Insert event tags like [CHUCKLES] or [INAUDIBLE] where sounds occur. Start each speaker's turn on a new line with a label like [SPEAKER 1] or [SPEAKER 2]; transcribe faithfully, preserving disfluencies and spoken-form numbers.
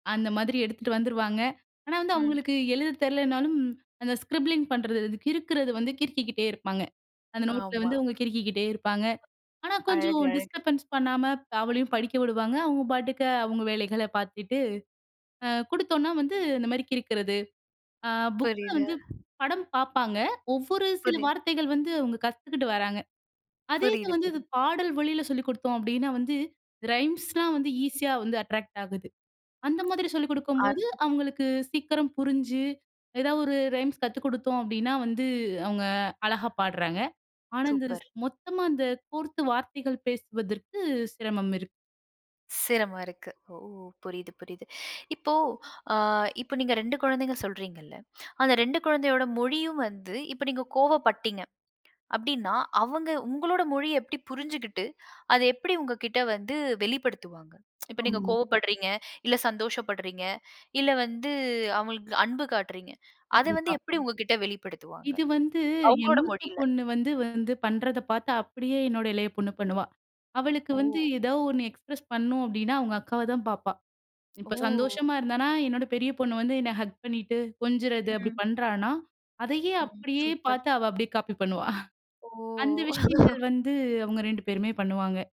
[SPEAKER 1] அந்த மாதிரி எடுத்துட்டு வந்துருவாங்க. ஆனா வந்து
[SPEAKER 2] ம்.
[SPEAKER 1] அவுங்களுக்கு எழுதத் தெரிலைன்னாலும், அந்த ஸ்க்ரிப்ளிங் பண்றது, கிறுக்குறது வந்து கிறுக்கிக்கிட்டே இருப்பாங்க. அந்த நோட்ல
[SPEAKER 2] ஆமா.
[SPEAKER 1] வந்து அவுங்க கிறுக்கிக்கிட்டே இருப்பாங்க. ஆனா கொஞ்சம்
[SPEAKER 2] அழகழகு.
[SPEAKER 1] டிஸ்டர்பன்ஸ் பண்ணாம, அவளையும் படிக்க விடுவாங்க. அவுங்க பாட்டுக்க அவுங்க வேலைகளை பாத்துட்டு, அ குடுத்தோம்ன்னா வந்து, இந்த மாரி கிறுக்குறது, அ புக்ல
[SPEAKER 2] புரியுது.
[SPEAKER 1] வந்து படம் பார்ப்பாங்க. ஒவ்வொரு சில
[SPEAKER 2] புரிது.
[SPEAKER 1] வார்த்தைகள் வந்து, அவுங்க கத்துக்கிட்டு வர்றாங்க. அதே இத
[SPEAKER 2] புரியுது,
[SPEAKER 1] வந்து இது
[SPEAKER 2] புரியுது.
[SPEAKER 1] பாடல் வழியில சொல்லிக் குடுத்தோம் அப்டின்னா, வந்து, ரைம்ஸ்லாம் வந்து ஈஸியா வந்து, அட்ராக்ட் ஆகுது. அந்த மாதிரி சொல்லிக் குடுக்கும்போது,
[SPEAKER 2] [UNINTELLIGIBLE]
[SPEAKER 1] அவுங்களுக்கு சீக்கிரம் புரிஞ்சு, எதாவது ஒரு ரைம்ஸ் கத்துக் குடுத்தோம் அப்டின்னா வந்து, அவுங்க அழகா பாடுறாங்க. ஆனா, இந்த ரிஸ்
[SPEAKER 2] சூப்பர்.
[SPEAKER 1] மொத்தமா அந்த கோர்த்து வார்த்தைகள் பேசுவதற்கு, சிரமம் இருக்கு.
[SPEAKER 2] சிரம இருக்கு. ஓ! புரியுது, புரியுது. இப்போ, ஆ இப்ப நீங்க ரெண்டு கொழந்தைங்க சொல்றீங்கள்ல. அந்த ரெண்டு கொழந்தையோட மொழியும் வந்து, இப்ப நீங்க கோவப்பட்டீங்க. அப்டின்னா, அவங்க உங்களோட மொழிய எப்டி புரிஞ்சுகிட்டு, அத எப்படி உங்க கிட்ட வந்து வெளிப்படுத்துவாங்க? [TSK] இப்ப நீங்க
[SPEAKER 1] ஆமா.
[SPEAKER 2] கோவப்படுறீங்க, இல்ல சந்தோஷப்படுறீங்க, இல்ல வந்து அவுங்களுக்கு அன்பு காட்டுறீங்க. அத வந்து
[SPEAKER 1] கண்டிப்பா.
[SPEAKER 2] எப்டி உங்க கிட்ட வெளிப்படுத்துவாங்க?
[SPEAKER 1] இது வந்து, என்
[SPEAKER 2] அவுங்களோட
[SPEAKER 1] மூத்த
[SPEAKER 2] மொழியில?
[SPEAKER 1] பொண்ணு வந்து வந்து பண்ணுறத பாத்து, அப்டியே என்னோட இளைய பொண்ணு பண்ணுவா. அவளுக்கு வந்து
[SPEAKER 2] ஓ!
[SPEAKER 1] எதோ ஒண்ணு எக்ஸ்பிரஸ் பண்ணணும் அப்படின்னா, அவுங்க அக்காவை தான் பாப்பா. இப்போ
[SPEAKER 2] ஒ!
[SPEAKER 1] சந்தோஷமா இருந்தான்னா, என்னோட பெரிய பொண்ணு வந்து, என்னை ஹக் பண்ணிட்டு, கொஞ்சுறது அப்டி
[SPEAKER 2] ம்.
[SPEAKER 1] பண்றான்னா, அதையே
[SPEAKER 2] ம்,
[SPEAKER 1] அப்டியே
[SPEAKER 2] சூப்பர்!
[SPEAKER 1] பாத்து அவ அப்டியே காப்பி பண்ணுவா! [CHUCKLES] அந்த
[SPEAKER 2] ஓ!
[SPEAKER 1] விஷயங்கள்
[SPEAKER 2] [CHUCKLES]
[SPEAKER 1] வந்து, அவுங்க ரெண்டு பேருமே பண்ணுவாங்க.